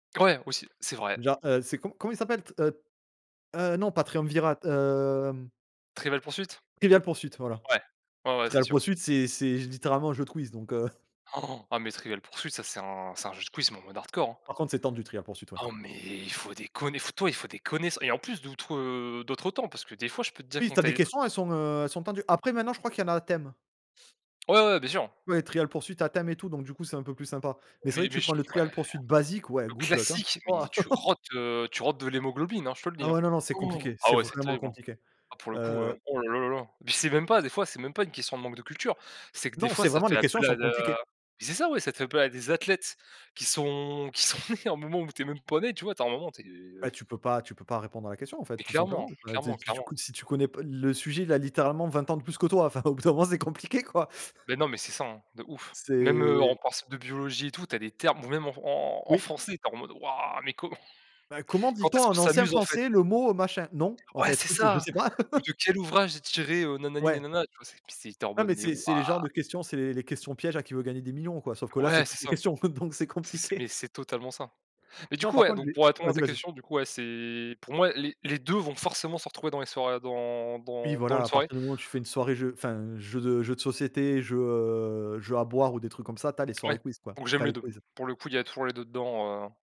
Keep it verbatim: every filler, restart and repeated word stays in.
Ouais, aussi, c'est vrai. Genre, heu, c'est co comment il s'appelle, t heu heu, non, pas triumvirat, hem. Trivial Pursuit? Trivial Pursuit, voilà. Ouais, ouais, ouais, c'est Trivial sûr. Pursuit c'est c'est littéralement un jeu de quizz donc heu Ah, mais Trivial Pursuit, ça c'est un c'est un jeu de quiz, mais en mode hardcore, hein. Par contre, c'est temps du trivial poursuite, ouais. Ah, mais il faut déconner, il faut et toi, faut déconner, et en plus d'outres, heu, d'autres temps, parce que, des fois, je peux te dire Oui, quand tu as tu des es questions, elles sont, heu, elles sont tendues. Après, maintenant, je crois qu'il y en a à thème. Ouais, ouais, bien sûr. Ouais, Trial Pursuit, à thème et tout, donc du coup c'est un peu plus sympa, mais c'est vrai Mais que mais tu je prends le ouais. Trial Pursuit basique ouais Le good luck hein, classique, waouh. mais tu rotes, heu, tu rotes de l'hémoglobine, hein je te le dit, Ah hein. ouais, non, non, c'est compliqué, Ah c'est ouais c'est vraiment terrible, hein. compliqué. Ah pour le coup, heu, Heu oh là là là là. Puis c'est même pas, des fois c'est même pas une question de manque de culture, c'est que des Non, fois c'est ça vraiment les fait questions appel sont à d compliquées. à mais c'est ça, ouais, ça fait appel à des athlètes qui sont qui sont nés au moment où tu es même pas né, tu vois? Tu as un moment tu es, heu Bah, tu peux pas tu peux pas répondre à la question, en fait, Mais tout clairement, simplement enfin tu sais clairement, tu clairement. si tu connais p le sujet il a littéralement vingt ans de plus que toi, enfin au bout d'un moment c'est compliqué quoi. Mais non, mais c'est ça, hein, de ouf. Même, heu, en C'est partiel de biologie, et tout, tu as des termes, ou même en en en Oui. français, tu es en mode: «Waouh, mais comment? Ben: «Comment Quand dit-on, est-ce on qu'on en ancien s'amuse, en fait?» français, le mot, heu, machin?» Non, en O ouais, fait, c'est heu, je ça: sais pas. «Ou de quel ouvrage est tiré, heu, na na ni na Ouais. na na?» Tu vois? C mais c'est tu es en Ouais mode: mais «Mais c'est waouh.» c'est les genres de questions, c'est les les questions pièges à Qui veut gagner des millions, quoi. Sauf que là c'est Ouais c'est toutes les ça, questions, donc c'est c'est c'est compliqué. mais c'est totalement ça, mais du Non, coup, par ouais, contre, donc les pour répondre à vas-y, ta vas-y. question, du coup, ouais, c'est pour moi les les deux vont forcément se retrouver dans les soirées, dans Oui, dans dans voilà, une à soirée. partir du moment où tu fais une soirée jeu, enfin, jeu de jeu de société, jeu, heu, jeu à boire ou des trucs comme ça, tu as les Ouais, soirées quizz, quoi. donc Tu j'aime as les les deux. quizz. Pour le coup, il y a toujours les deux dedans, heu